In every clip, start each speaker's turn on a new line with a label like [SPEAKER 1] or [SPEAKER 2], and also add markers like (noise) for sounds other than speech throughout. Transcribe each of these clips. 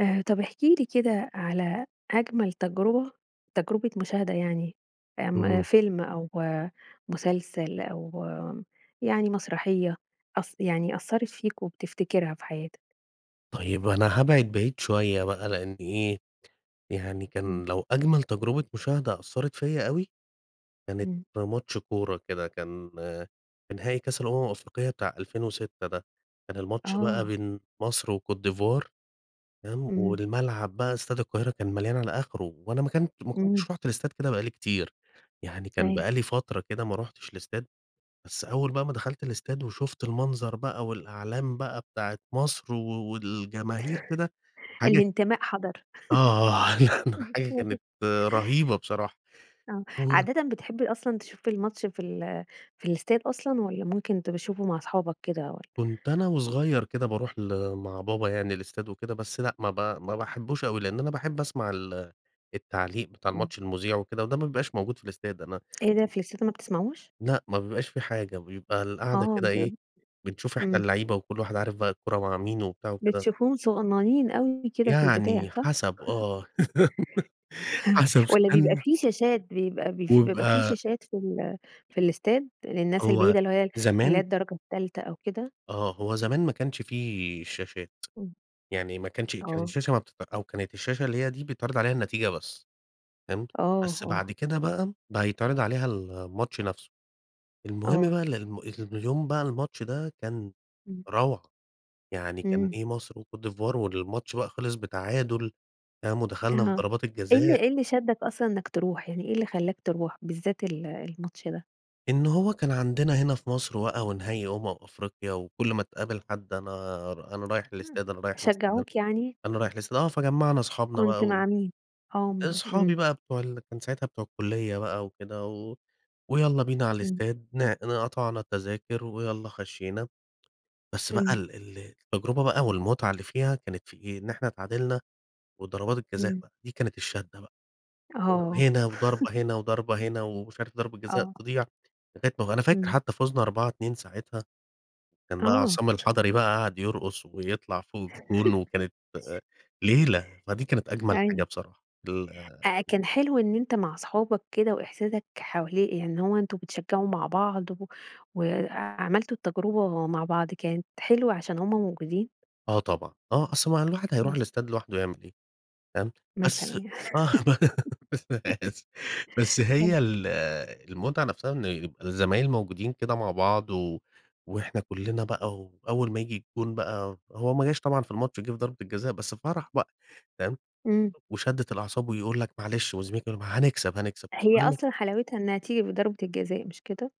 [SPEAKER 1] آآ طب احكِ لي كده على أجمل تجربة تجربة مشاهدة يعني، آمم
[SPEAKER 2] إمم.
[SPEAKER 1] فيلم أو مسلسل أو يعني مسرحية، أث يعني أثّرت فيك وبتفتكرها في حياتك؟
[SPEAKER 2] طيب أنا هابعد بعيد شوية بقى؛ لأن إيه يعني
[SPEAKER 1] إمم.
[SPEAKER 2] كان لو أجمل تجربة مشاهدة أثّرت فيَّ أوي، كانت
[SPEAKER 1] إمم.
[SPEAKER 2] في ماتش كورة كده، كان في نهائي كاس الأمم الأفريقية بتاع 2006 ده، كان الماتش بقى
[SPEAKER 1] آه.
[SPEAKER 2] بين مصر وكوت ديفوار، تمام؟
[SPEAKER 1] إمم.
[SPEAKER 2] والملعب بقى استاد القاهرة كان مليان على آخره، وأنا ما كان ما
[SPEAKER 1] إمم.
[SPEAKER 2] كنتش رُحت الاستاد كده بقى لي كتير، يعني كان
[SPEAKER 1] أيوة.
[SPEAKER 2] بقى لي فترة كده ما رُحتش الاستاد، بس أول بقى ما دخلت الاستاد وشُفت المنظر بقى، والأعلام بقى بتاعة مصر و والجماهير كده حاجة
[SPEAKER 1] الانتماء حضَر.
[SPEAKER 2] آه (chuckles) حاجة
[SPEAKER 1] (laughs) (unintelligible)
[SPEAKER 2] كانت رهيبة بصراحة،
[SPEAKER 1] آه،
[SPEAKER 2] و
[SPEAKER 1] عادةً بتحب أصلًا تشوف الماتش في ال في الاستاد أصلًا، والّا ممكن تبقى تشوفه مع أصحابك كده والَّا؟
[SPEAKER 2] كنت أنا وصغيَّر كده باروح ل مع بابا يعني الاستاد وكده، بس لأ ما ب ما باحبوش أوي؛ لأن أنا باحب أسمع ال التعليق بتاع
[SPEAKER 1] إمم.
[SPEAKER 2] الماتش المذيع وكده، وده ما بيبقاش موجود في الاستاد، أنا
[SPEAKER 1] إيه ده في الاستاد ما بتسمعوش؟
[SPEAKER 2] لأ، ما بيبقاش في حاجة بيبقى القعدة
[SPEAKER 1] آه
[SPEAKER 2] كده
[SPEAKER 1] ب
[SPEAKER 2] إيه، بنشوف إحنا
[SPEAKER 1] إمم.
[SPEAKER 2] اللعيبة، وكل واحد عارف بقى الكورة مع مين وبتاع كده
[SPEAKER 1] بتشوفوهم صغنّنين أوي كده في البداية
[SPEAKER 2] يعني
[SPEAKER 1] صح؟
[SPEAKER 2] حسب آه،
[SPEAKER 1] (chuckles)
[SPEAKER 2] (laughs)
[SPEAKER 1] (chuckles)
[SPEAKER 2] حسب ص
[SPEAKER 1] والّا بيبقى
[SPEAKER 2] (unintelligible)
[SPEAKER 1] في شاشات بيبقى بف بيبقى في
[SPEAKER 2] وبيبقى
[SPEAKER 1] شاشات في ال في الاستاد للناس
[SPEAKER 2] هو
[SPEAKER 1] البعيدة، اللي هو ي اللي هي
[SPEAKER 2] زمان
[SPEAKER 1] الدرجة التالتة أو كده؟
[SPEAKER 2] آه هو زمان ما كانش في شاشات،
[SPEAKER 1] إمم.
[SPEAKER 2] يعني ما كانش كانت
[SPEAKER 1] آه.
[SPEAKER 2] الشاشة ما بتت أو كانت الشاشة اللي هي دي بيتعرض عليها النتيجة بس، فهمت؟
[SPEAKER 1] آه،
[SPEAKER 2] بس
[SPEAKER 1] آه.
[SPEAKER 2] بعد كده بقى، بقى بيتعرض عليها الماتش نفسه. المهم
[SPEAKER 1] آه.
[SPEAKER 2] بقى ال الم إن اليوم بقى الماتش ده كان
[SPEAKER 1] إمم.
[SPEAKER 2] روعة، يعني كان
[SPEAKER 1] إمم.
[SPEAKER 2] إيه مصر وكوت ديفوار، والماتش بقى خلص بتعادل تمام، ودخلنا في
[SPEAKER 1] أها
[SPEAKER 2] ضربات
[SPEAKER 1] إيه اللي
[SPEAKER 2] الجزاء
[SPEAKER 1] إيه اللي شدك أصلًا إنك تروح، يعني إيه اللي خلاك تروح بالذات ال الماتش ده؟
[SPEAKER 2] إن هو كان عندنا هنا في مصر بقى ونهائي أمم أفريقيا، وكل ما تقابل حد أنا ر أنا رايح الاستاد أنا رايح الاستاد أنا
[SPEAKER 1] شجَّعوك يعني؟
[SPEAKER 2] أنا رايح الاستاد، آه فجمّعنا صحابنا
[SPEAKER 1] كنت
[SPEAKER 2] بقى وإيه،
[SPEAKER 1] مع مين؟ آمم، امم.
[SPEAKER 2] أصحابي بقى بتوع ال كان ساعتها بتوع الكلية بقى وكده، و ويالّا بينا على
[SPEAKER 1] امم.
[SPEAKER 2] الاستاد ن قطعنا التذاكر ويالّا خشينا، بس بقى
[SPEAKER 1] امم.
[SPEAKER 2] ال ال التجربة بقى والمتعة اللي فيها كانت في إيه؟ إن إحنا اتعادلنا وضربات الجزاء
[SPEAKER 1] امم.
[SPEAKER 2] بقى دي كانت الشدّة بقى، آآ،
[SPEAKER 1] آه.
[SPEAKER 2] هنا
[SPEAKER 1] (laughs)
[SPEAKER 2] وضربة هنا وضربة هنا ومش عارف ضربة جزاء
[SPEAKER 1] آه.
[SPEAKER 2] تضيع، فكانت أنا فاكر
[SPEAKER 1] امم.
[SPEAKER 2] حتى فُزنا 4، 2 ساعتها، كان بقى
[SPEAKER 1] آه.
[SPEAKER 2] عصام الحضري بقى قعد يرقص ويطلع فوق الجون
[SPEAKER 1] (laughs)
[SPEAKER 2] وكانت ليلة، فدي كانت أجمل حاجة
[SPEAKER 1] أيوه.
[SPEAKER 2] بصراحة ال آآ.
[SPEAKER 1] آآ، كان حلو إن أنت مع صحابك كده وإحساسك حوالي يعني إن هو أنتم بتشجعوا مع بعض و وعملتوا التجربة مع بعض كانت حلوة عشان همّ موجودين؟
[SPEAKER 2] آه، طبعًا، آه أصل ما الواحد هيروح
[SPEAKER 1] آه.
[SPEAKER 2] الاستاد لوحده يعمل إيه؟ فاهم؟
[SPEAKER 1] مثلًا
[SPEAKER 2] بس
[SPEAKER 1] يعني،
[SPEAKER 2] آه (laughs)
[SPEAKER 1] (giggles)
[SPEAKER 2] (unintelligible) بس
[SPEAKER 1] آه.
[SPEAKER 2] هي ال المتعة نفسها إن يبقى الزمايل موجودين كده مع بعض و وإحنا كلنا بقى وأول ما ييجي الجون بقى هو ما جاش طبعًا في الماتش، جه في ضربة الجزاء بس فرح بقى، تمام؟
[SPEAKER 1] امم.
[SPEAKER 2] وشدَّة الأعصاب ويقول لَك معلش، وزميلك يقول لَك: "ما هنكسب، هنكسب"
[SPEAKER 1] هي
[SPEAKER 2] وكلنا
[SPEAKER 1] أصلًا حلاوتها إنها تيجي بضربة الجزاء، مش كده؟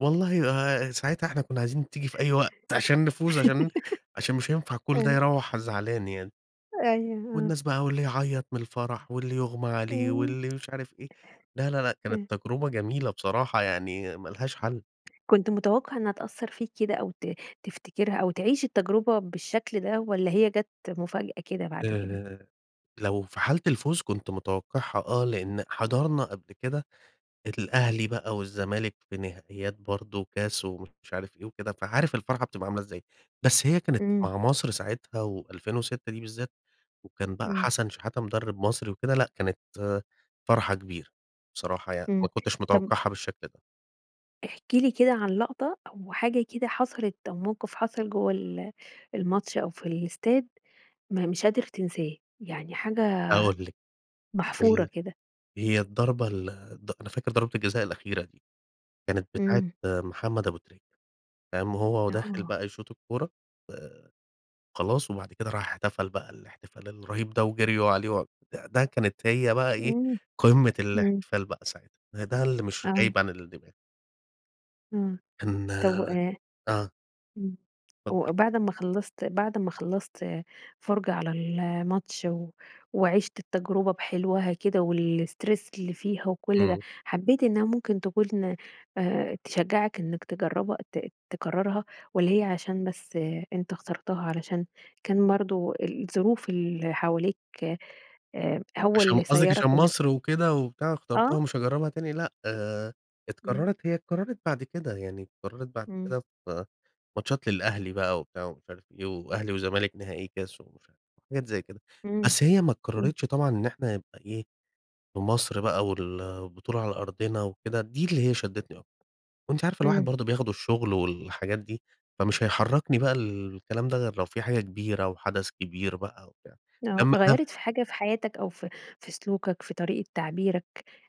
[SPEAKER 2] والله آآ، ساعتها إحنا كنا عايزين تيجي في أي وقت عشان نفوز، عشان م عشان مش
[SPEAKER 1] (laughs)
[SPEAKER 2] هينفع كل ده
[SPEAKER 1] آه.
[SPEAKER 2] يروَّح زعلان يعني.
[SPEAKER 1] أيوه آه.
[SPEAKER 2] والناس بقى واللي يعيط من الفرح واللي يُغمى عليه
[SPEAKER 1] امم.
[SPEAKER 2] واللي مش عارف إيه، لا، لا، لا، كانت
[SPEAKER 1] آه.
[SPEAKER 2] تجربة جميلة بصراحة يعني ما لهاش حل.
[SPEAKER 1] كنت متوقع إنها تأثر فيك كده أو ت تفتكرها أو تعيش التجربة بالشكل ده والّا هي جات مفاجأة كده بعد كده؟
[SPEAKER 2] آآ، لو في حالة الفوز كنت متوقعها، آه، لأن حضرنا قبل كده الأهلي بقى والزمالك في نهائيات برضه كاس ومش عارف إيه وكده، فعارف الفرحة بتبقى عاملة إزاي. بس هي كانت
[SPEAKER 1] إمم.
[SPEAKER 2] مع مصر ساعتها و2006 دي بالذات وكان بقى
[SPEAKER 1] امم.
[SPEAKER 2] حسن شحاتة مدرب مصر وكده لأ كانت فرحة كبيرة، بصراحة يعني
[SPEAKER 1] امم،
[SPEAKER 2] ما كنتش
[SPEAKER 1] طب
[SPEAKER 2] متوقعها بالشكل ده.
[SPEAKER 1] احكِ لي كده عن لقطة أو حاجة كده حصلت أو موقف حصل جوّه ال الماتش أو في الاستاد ما مش قادر تنساه يعني حاجة
[SPEAKER 2] هاقول لِك
[SPEAKER 1] محفورة
[SPEAKER 2] ال
[SPEAKER 1] كده.
[SPEAKER 2] هي الضربة ال ض أنا فاكر ضربة الجزاء الأخيرة دي، كانت بتاعة
[SPEAKER 1] امم.
[SPEAKER 2] محمد أبو تريكة، قام وهو وداخل
[SPEAKER 1] آه.
[SPEAKER 2] بقى يشوط الكورة آآ، خلاص وبعد كده راح احتفل بقى الاحتفال الرهيب ده وجريوا عليه و ده كانت هي بقى إيه
[SPEAKER 1] امم
[SPEAKER 2] قمة
[SPEAKER 1] امم.
[SPEAKER 2] الاحتفال بقى ساعتها، ده ده اللي مش
[SPEAKER 1] آه.
[SPEAKER 2] غايب عن الدماغ.
[SPEAKER 1] آه
[SPEAKER 2] إن
[SPEAKER 1] طب وأ
[SPEAKER 2] آه.
[SPEAKER 1] امم و
[SPEAKER 2] اتفضلي.
[SPEAKER 1] وبعد أما خلَّصت بعد أما خلَّصت فُرْجة على الماتش و وعِشت التجربة بحلوها كده و الstress اللي فيها وكل ده،
[SPEAKER 2] امم.
[SPEAKER 1] حبيت إنها ممكن تكون، آآ تشجعك إنك تجربها ت تكررها والّا هي عشان بس أنتَ اخترتها علشان كان برضو الظروف اللي حواليك، آآ هو
[SPEAKER 2] عشان
[SPEAKER 1] اللي
[SPEAKER 2] قصدك عشان
[SPEAKER 1] سيَّرك إنك ت
[SPEAKER 2] مصر وكده وبتاع اخترتها
[SPEAKER 1] آه.
[SPEAKER 2] ومش هاجربها تاني، لأ، آآ
[SPEAKER 1] امم.
[SPEAKER 2] اتكررت هي اتكررت بعد كده، يعني اتكررت بعد
[SPEAKER 1] امم.
[SPEAKER 2] كده في ماتشات للأهلي بقى وبتاع ومش عارف إيه، وأهلي وزمالك نهائي كاس ومش عارف حاجات زي كده،
[SPEAKER 1] امم،
[SPEAKER 2] بس هي ما
[SPEAKER 1] امم.
[SPEAKER 2] اتكررتش طبعًا إن إحنا نبقى إيه، في مصر بقى وال والبطولة على أرضنا وكده، دي اللي هي شدتني أكتر. وأنتِ عارفة الواحد
[SPEAKER 1] امم.
[SPEAKER 2] برضو بياخده الشغل والحاجات دي، فمش هيحركني بقى الكلام ده غير لو في حاجة كبيرة وحدث كبير بقى وبتاع،
[SPEAKER 1] آه،
[SPEAKER 2] لما لم
[SPEAKER 1] غيَّرت في حاجة في حياتك أو في في سلوكك، في طريقة تعبيرك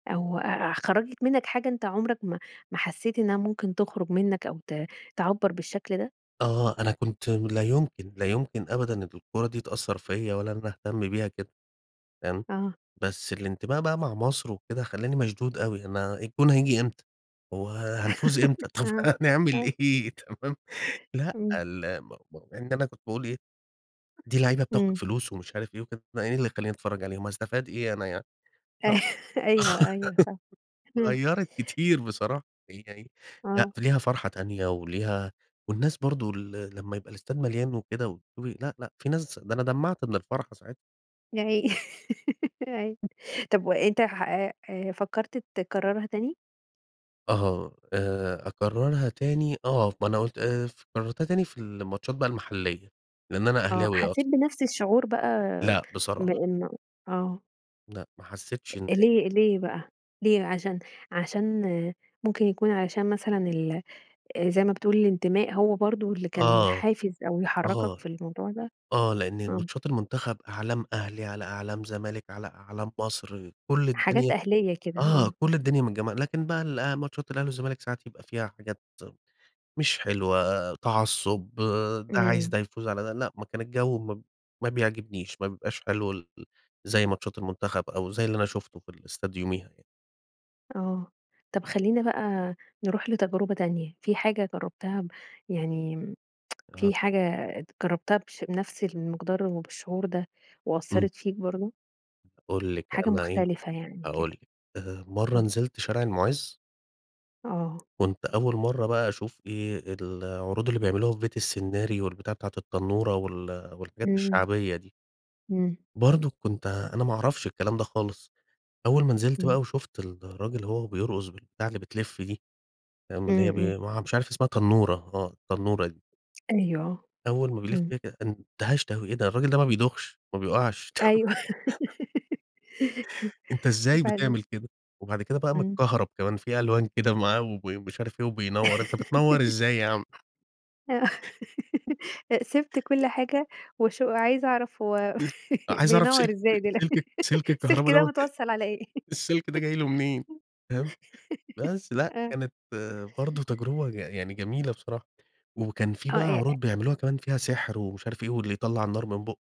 [SPEAKER 1] أو أ أ خرَّجت منك حاجة أنتَ عمرك ما ما حسيت إنها ممكن تخرج منك أو ت تعبَّر بالشكل ده؟
[SPEAKER 2] آه أنا كنت لا يمكن، لا يمكن أبدًا الكورة دي تأثر فيَّ ولا إن أنا أهتم بيها كده، فاهم،
[SPEAKER 1] آه.
[SPEAKER 2] بس الانتباه بقى مع مصر وكده خلّاني مشدود أوي، أنا الجون هييجي إمتى؟ هو هنفوز
[SPEAKER 1] (laughs)
[SPEAKER 2] إمتى؟ طب
[SPEAKER 1] آه،
[SPEAKER 2] هنعمل
[SPEAKER 1] أيوه.
[SPEAKER 2] إيه تمام، لأ
[SPEAKER 1] إمم.
[SPEAKER 2] ال م م مع إن أنا كنت باقول إيه، دي لعيبة بتاخد
[SPEAKER 1] إمم.
[SPEAKER 2] فلوس ومش عارف إيه وكده أنا إيه اللي يخلّيني أتفرج عليهم، هاستفاد إيه أنا يعني. آه،
[SPEAKER 1] (laughs) أيوه، أيوه فاهمه.
[SPEAKER 2] (laughs)
[SPEAKER 1] اهم.
[SPEAKER 2] غيّرت كتير بصراحة، يعني لأ
[SPEAKER 1] آه.
[SPEAKER 2] ف ليها فرحة تانية وليها والناس برضه ال لمّا يبقى الاستاد مليان وكده وتشوفي لأ، لأ، في ناس ده أنا دمّعت من الفرحة ساعتها.
[SPEAKER 1] يا عيني (laughs) يا عيني،
[SPEAKER 2] (unintelligible)
[SPEAKER 1] طب وأنت ح أ أ فكرت تكررها تاني؟
[SPEAKER 2] أها، آآ أكررها تاني، آه، ما أنا قُلت آآ ف كررتها تاني في الماتشات بقى المحلية، لأن أنا
[SPEAKER 1] آه
[SPEAKER 2] أهلاوي أصلًا.
[SPEAKER 1] حسيت بنفس الشعور بقى
[SPEAKER 2] لأ بصراحة.
[SPEAKER 1] بإنه آه.
[SPEAKER 2] لأ ما حسيتش إن هي
[SPEAKER 1] ليه ليه بقى؟ ليه بقى عشان عشان ممكن يكون عشان مثلًا ال آآ زي ما بتقول الانتماء هو برضه اللي كان
[SPEAKER 2] آه.
[SPEAKER 1] حافز أو يحركك
[SPEAKER 2] آه،
[SPEAKER 1] في الموضوع ده؟
[SPEAKER 2] آه لأن
[SPEAKER 1] آه.
[SPEAKER 2] ماتشات المنتخب أعلام أهلي، على أعلام زمالك، على أعلام مصر، كل
[SPEAKER 1] حاجات
[SPEAKER 2] الدنيا
[SPEAKER 1] أهلية كده،
[SPEAKER 2] آه
[SPEAKER 1] آه.
[SPEAKER 2] كل الدنيا متجمّعة. لكن بقى الأ ماتشات الأهلي والزمالك ساعات يبقى فيها حاجات مش حلوة، تعصُّب، ده عايز
[SPEAKER 1] إمم.
[SPEAKER 2] ده يفوز على ده، لأ ما كان الجو ما ما بيعجبنيش، ما بيبقاش حلو ال زي ماتشات المنتخب أو زي اللي أنا شُفته في الاستاد يوميها يعني.
[SPEAKER 1] آه، طب خلينا بقى نروح لتجربة تانية، في حاجة جربتها ب يعني امم، (tsk)
[SPEAKER 2] أها.
[SPEAKER 1] في حاجة ات جربتها بش بنفس المقدار وبالشعور ده
[SPEAKER 2] امم.
[SPEAKER 1] وأثَّرت فيك برضه؟
[SPEAKER 2] هاقول لِك
[SPEAKER 1] حاجة
[SPEAKER 2] أنا إيه،
[SPEAKER 1] مختلفة يعني كده؟
[SPEAKER 2] هاقول لِك، آآ مرة
[SPEAKER 1] قل لي.
[SPEAKER 2] نزلت شارع المُعز
[SPEAKER 1] آه.
[SPEAKER 2] كنت أول مرة بقى أشوف إيه، العروض اللي بيعملوها في بيت السنّاري، والبتاعة بتاعة التنورة وال والحاجات
[SPEAKER 1] امم.
[SPEAKER 2] الشعبية دي.
[SPEAKER 1] امم.
[SPEAKER 2] برضه كنت أنا ما أعرفش الكلام ده خالص، أول ما نزلت
[SPEAKER 1] امم.
[SPEAKER 2] بقى وشفت الراجل وهو بيرقص بالبتاعة اللي بتلف دي، آمم، اللي
[SPEAKER 1] امم،
[SPEAKER 2] هي
[SPEAKER 1] امم.
[SPEAKER 2] بي ما ع مش عارف اسمها تنورة آه، التنورة دي.
[SPEAKER 1] أيوه آه،
[SPEAKER 2] أول ما بيلف
[SPEAKER 1] امم.
[SPEAKER 2] بيها كده، اندهشت أوي إيه ده! الراجل ده ما بيدوخش، ما بيقعش.
[SPEAKER 1] أيوه
[SPEAKER 2] (laughs) أنتَ
[SPEAKER 1] (giggles)
[SPEAKER 2] إزاي
[SPEAKER 1] وبعدين؟
[SPEAKER 2] بتعمل كده؟! وبعد كده بقى
[SPEAKER 1] امم.
[SPEAKER 2] متكهرب كمان في ألوان كده معاه وب مش عارف إيه وبينوّر. أنتَ بتنوّر
[SPEAKER 1] (laughs)
[SPEAKER 2] إزاي يا عم؟
[SPEAKER 1] آه
[SPEAKER 2] (chuckles)
[SPEAKER 1] (laughs) أ سِبت كل حاجة وشو وعايزة أعرف هو
[SPEAKER 2] (unintelligible)
[SPEAKER 1] (laughs)
[SPEAKER 2] عايز أعرف
[SPEAKER 1] بينوّر
[SPEAKER 2] سلك
[SPEAKER 1] إزاي دلو
[SPEAKER 2] سلك ال سلك
[SPEAKER 1] السلك
[SPEAKER 2] الكهربا
[SPEAKER 1] ده
[SPEAKER 2] دوّة
[SPEAKER 1] متوصل علي إيه؟
[SPEAKER 2] (chuckles) السلك ده جاي له منين، فاهم؟ بس لأ،
[SPEAKER 1] آه.
[SPEAKER 2] كانت برضه تجربة يع يعني جميلة بصراحة. وكان في
[SPEAKER 1] آه
[SPEAKER 2] بقى
[SPEAKER 1] إيه؟ أ
[SPEAKER 2] عروض بيعملوها كمان فيها سحر ومش عارف إيه، واللي يطلّع النار من بوقه،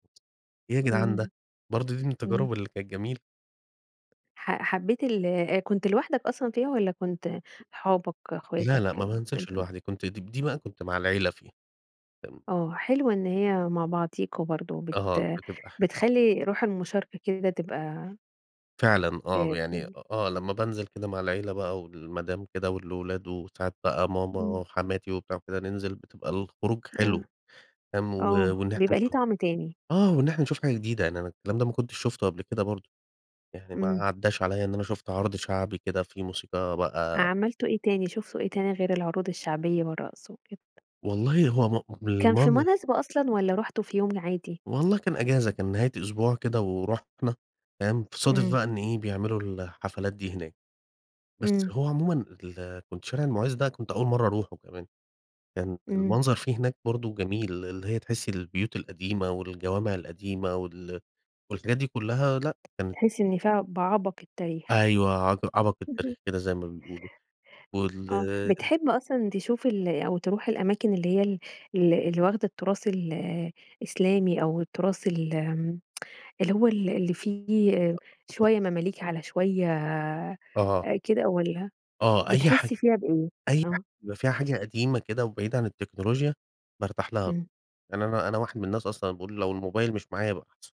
[SPEAKER 2] إيه يا جدعان ده!
[SPEAKER 1] امم
[SPEAKER 2] برضه دي من
[SPEAKER 1] امم.
[SPEAKER 2] التجارب اللي كانت جميلة.
[SPEAKER 1] ح حبيت ال آآ كنت لوحدك أصلًا فيها، والّا كنت اصحابك،
[SPEAKER 2] لا،
[SPEAKER 1] أخواتك
[SPEAKER 2] لأ ما بانزلش
[SPEAKER 1] كنت (unintelligible)
[SPEAKER 2] لوحدي كنت د دي بقى كنت مع العيلة فيها، كان
[SPEAKER 1] آه حلوة إن هي مع بعضيكم برضو بت
[SPEAKER 2] أها بتبقى ح
[SPEAKER 1] بتخلي روح المشاركة كده تبقى
[SPEAKER 2] فعلًا
[SPEAKER 1] ف
[SPEAKER 2] آه، يعني أ
[SPEAKER 1] (unintelligible)
[SPEAKER 2] آه لما بانزل كده مع العيلة بقى، والمدام كده، والأولاد وساعات بقى
[SPEAKER 1] امم.
[SPEAKER 2] ماما، حماتي وبتاع وكده ننزل بتبقى الخروج
[SPEAKER 1] آه.
[SPEAKER 2] حلو، تمام، و
[SPEAKER 1] آه
[SPEAKER 2] وإن إحنا
[SPEAKER 1] بيبقى ليه
[SPEAKER 2] نش
[SPEAKER 1] طعم تاني.
[SPEAKER 2] آه، وإن إحنا نشوف حاجة جديدة يعني أنا الكلام ده ما كنتش شفته قبل كده برضو. يعني ما
[SPEAKER 1] امم.
[SPEAKER 2] عداش عليَّ إن أنا شُفت عرض شعبي كده فيه موسيقى بقى
[SPEAKER 1] عملتوا إيه تاني؟ شُفتوا إيه تاني، غير العروض الشعبية والرقص وكده؟
[SPEAKER 2] والله هو ما ما
[SPEAKER 1] كان في
[SPEAKER 2] المن
[SPEAKER 1] مناسبة أصلًا والّا رحتوا في يوم عادي؟
[SPEAKER 2] والله كان أجازة كان نهاية أسبوع كده ورحنا تمام؟ صادف
[SPEAKER 1] امم.
[SPEAKER 2] بقى إن إيه بيعملوا الحفلات دي هناك. بس
[SPEAKER 1] امم.
[SPEAKER 2] هو عمومًا ال كنت شارع المُعز ده كنت أول مرة أروحه كمان. كان
[SPEAKER 1] امم.
[SPEAKER 2] المنظر فيه هناك برضو جميل اللي هي تحسي البيوت القديمة والجوامع القديمة وال والحاجات دي كلها لأ، كانت
[SPEAKER 1] تحس إن فيها بعبق التاريخ.
[SPEAKER 2] أيوه عق عبق التاريخ
[SPEAKER 1] اهم.
[SPEAKER 2] كده زي ما بيقولوا. وال
[SPEAKER 1] آه، بتحب أصلًا تشوف ال أو تروح الأماكن اللي هي ال ال اللي واخدة التراث ال الإسلامي أو التراث ال آمم (tsk) اللي هو ال اللي فيه
[SPEAKER 2] (unintelligible)
[SPEAKER 1] شوية مماليك على شوية، آآ،
[SPEAKER 2] آه.
[SPEAKER 1] كده والّا
[SPEAKER 2] آه، أي حاج
[SPEAKER 1] بتحس فيها بإيه؟
[SPEAKER 2] أي ح
[SPEAKER 1] آه.
[SPEAKER 2] بيبقى فيها حاجة قديمة كده وبعيدة عن التكنولوجيا بارتاح لها.
[SPEAKER 1] امم.
[SPEAKER 2] يعني أنا أنا واحد من الناس أصلًا باقول لو الموبايل مش معايا يبقى احسن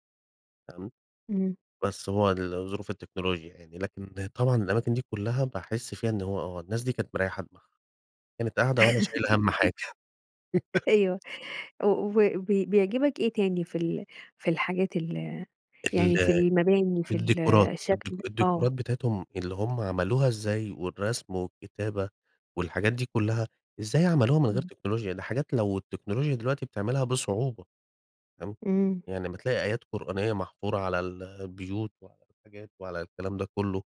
[SPEAKER 2] تمام،
[SPEAKER 1] امم.
[SPEAKER 2] بس هو ال ظروف التكنولوجيا يعني، لكن طبعًا الأماكن دي كلها باحس فيها إن هو آه، الناس دي كانت مريّحة دماغها كانت قاعدة ولا شايلة هم
[SPEAKER 1] (chuckles)
[SPEAKER 2] حاجة. (laughs)
[SPEAKER 1] أيوه وبي بيعجبك إيه تاني في ال في الحاجات ال يعني في
[SPEAKER 2] ال
[SPEAKER 1] المباني في
[SPEAKER 2] الديكورات،
[SPEAKER 1] الشكل؟
[SPEAKER 2] الديكو
[SPEAKER 1] آه.
[SPEAKER 2] الديكورات بتاعتهم اللي هم عملوها إزاي والرسم، والكتابة، والحاجات دي كلها، إزاي عملوها من غير
[SPEAKER 1] امم.
[SPEAKER 2] تكنولوجيا، دي حاجات لو التكنولوجيا دلوقتي بتعملها بصعوبة. تمام،
[SPEAKER 1] امم.
[SPEAKER 2] يعني أما تلاقي آيات قرآنية محفورة على ال البيوت وعلى الحاجات وعلى الكلام ده كله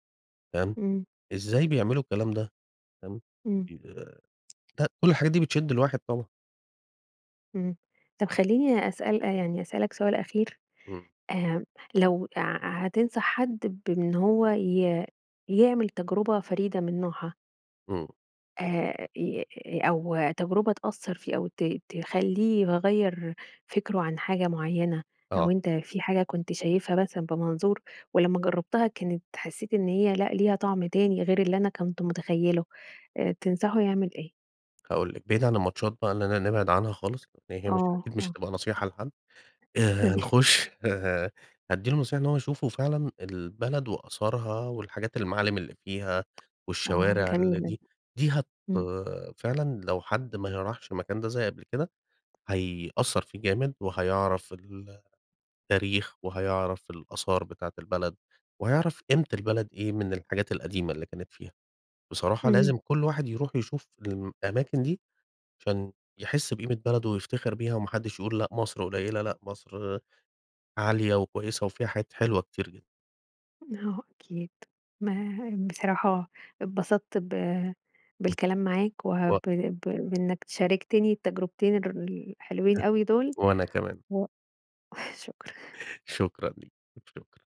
[SPEAKER 2] تمام،
[SPEAKER 1] امم.
[SPEAKER 2] إزاي بيعملوا الكلام ده تمام،
[SPEAKER 1] امم.
[SPEAKER 2] فاهمني؟ آآ، ده
[SPEAKER 1] (unintelligible)
[SPEAKER 2] كل الحاجات دي بتشد الواحد طبعًا.
[SPEAKER 1] امم، طب خلّيني أسأل يعني أسألك سؤال أخير.
[SPEAKER 2] امم.
[SPEAKER 1] آمم، لو ع ع هتنصح حد بإن هو ي يعمل تجربة فريدة من نوعها.
[SPEAKER 2] امم.
[SPEAKER 1] آآ ي ي أو تجربة تأثر فيه أو ت تخلّيه يغير فكره عن حاجة معينة، أو
[SPEAKER 2] آه.
[SPEAKER 1] أنت في حاجة كنت شايفها مثلًا بمنظور ولمّا جربتها كانت حسيت إن هي لأ، ليها طعم تاني غير اللي أنا كنت مُتخيله. آآ، تنصحه يعمل إيه؟
[SPEAKER 2] هاقول لكِ. بعيد عن الماتشات بقي، إننا نبعد عنها خالص لأن هي مش
[SPEAKER 1] آه،
[SPEAKER 2] أكيد مش
[SPEAKER 1] آه.
[SPEAKER 2] هتبقى نصيحة لحد. آآ،
[SPEAKER 1] ماشي
[SPEAKER 2] نخش ه أدي له نصيحة إن هو يشوفوا فعلًا البلد وآثارها، والحاجات المعالم اللي فيها،
[SPEAKER 1] أها،
[SPEAKER 2] والشوارع اللي
[SPEAKER 1] جميلة دي.
[SPEAKER 2] دي دي هت
[SPEAKER 1] امم.
[SPEAKER 2] فعلًا لو حد ما ه راحش المكان ده زي قبل كده، هيأثر فيه جامد وهيعرف ال تاريخ وهيعرف الآثار بتاعة البلد وهيعرف قيمة البلد إيه من الحاجات القديمة اللي كانت فيها. بصراحة
[SPEAKER 1] إمم.
[SPEAKER 2] لازم كل واحد يروح يشوف الم أماكن دي؛ عشان يحس بقيمة بلده ويفتخر بيها وما حدش يقول لأ، مصر قليلة، لأ، مصر عالية وكويسة، وفيها حاجات حلوة كتير جدًا.
[SPEAKER 1] آه، أكيد. ما م بصراحة اتبسطت ب بالكلام معاك
[SPEAKER 2] (unintelligible)
[SPEAKER 1] وب
[SPEAKER 2] و
[SPEAKER 1] ب بإنك شاركتني التجربتين الر الحلوين
[SPEAKER 2] (chuckles)
[SPEAKER 1] أوي دول،
[SPEAKER 2] وأنا كمان.
[SPEAKER 1] و شكرًا.
[SPEAKER 2] شكرًا ليكِ، شكرًا.